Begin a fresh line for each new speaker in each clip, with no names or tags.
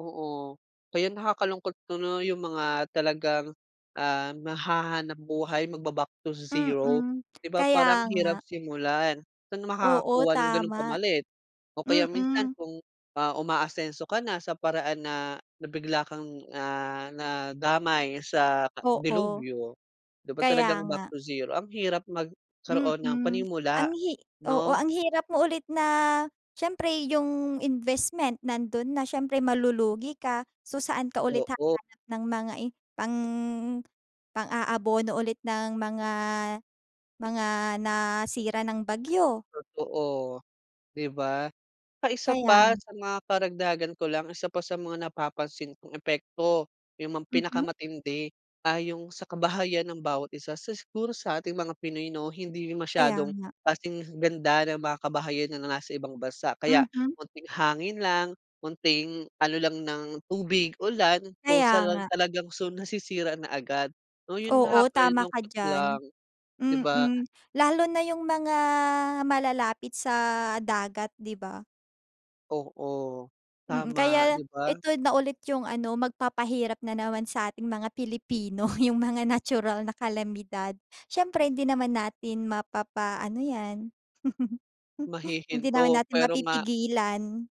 Oo. Kaya nakakalungkot tuloy yung mga talagang, ah, naghahanap-buhay, magba-back to zero.
Mm,
'Di ba, parang
kaya
hirap
nga.
simulan. Saan
Oo
makakakuha ng gano'ng
tama.
pamalit? O kaya minsan
Mm.
kung, ah, umaasenso ka na sa paraan na na bigla kang, ah, nadamay sa
Oo.
delubyo. 'Di ba
Kaya
talagang back
nga.
to zero. Ang hirap magkaroon ng
Mm,
panimula,
ang hi oo,
no.
ang hirap mo ulit na siyempre yung investment nando'n na, siyempre malulugi ka. So, saan ka ulit
Oo.
hahanap ng mga i pang pang-aabono ulit ng mga mga nasira ng bagyo?
Totoo, 'di ba. Tsaka isa
Kaya
pa,
nga.
sa mga karagdagan ko lang, isa pa sa mga napapansin kong epekto, yung mga
Mhm.
pinakamatindi, ah, yung sa kabahayan ng bawat isa. Sa siguro sa ating mga pinoy 'no, hindi
Kaya
masyadong
nga.
kasing ganda ng mga kabahayan ng nasa ibang bansa. Kaya
Mhm.
munting hangin lang, konting ano lang ng tubig-ulan,
Kaya
kusa
nga.
lang talagang su nasisira na agad. O [unintelligible]
Oo, tama ka
nakakalungkot lang,
diyan.
'di ba.
Mm, lalo na yung mga malalapit sa dagat, 'di ba.
Oo,
Mm,
tama 'di
kaya
ba.
ito na ulit yung ano, magpapahirap na naman sa ating mga Pilipino yung mga natural na kalamidad. Siyempre hindi naman natin mapapa-ano 'yan, hindi naman
Mahihinto
natin
pero nga
mapipigilan.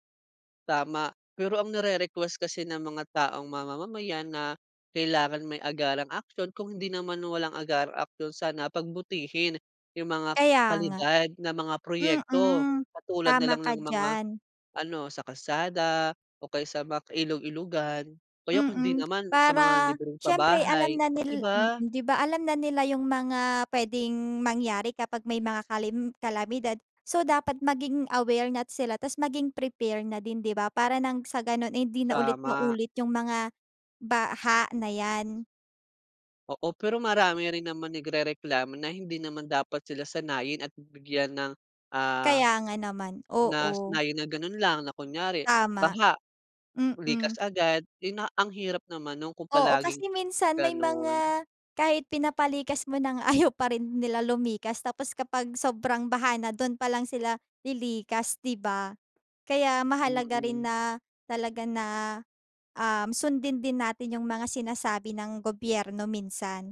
Tama, pero ang nire-request kasi ng mga taong mamamayan na kailangan may agarang aksiyon. Kung hindi naman walang agarang aksiyon, sana pagbutihin yung mga
Kaya nga.
kalidad ng mga proyekto.
Mm,
Katulad na
tama
lang
ka
ng mga
diyan.
ano, sa kalsada o kaya sa mga ka ilog-ilogan. O kaya, kundi
Mm,
naman sa mga
para
libreng
siyempre alam
pabahay,
na
'di
nil mm,
ba?
'di ba. Alam na nila yung mga pwedeng mangyari kapag may mga kalem kalamidad. So, dapat maging aware na sila tapos maging prepare na din 'di ba, para nang sa gano'n eh, hindi na ulit
Tama.
maulit yung mga baha na yan.
Oo, pero marami rin naman nagrereklamo na hindi naman dapat sila sanayin at bigyan ng, ah,
Kaya nga naman,
na
oo.
sanayin na gano'n lang, na kunyari,
Tama.
baha,
Mm.
likas-agad. 'Yun na ang hirap naman no'n kung
Oo,
palaging
kasi minsan may
gano'n.
mga kahit pinapalikas mo na nga, ayaw pa rin nila lumikas tapos kapag sobrang baha na, do'n pa lang sila lilikas, 'di ba. Kaya mahalaga rin
Mm.
na, talaga na, um, sundin din natin yung mga sinasabi ng gobyerno minsan.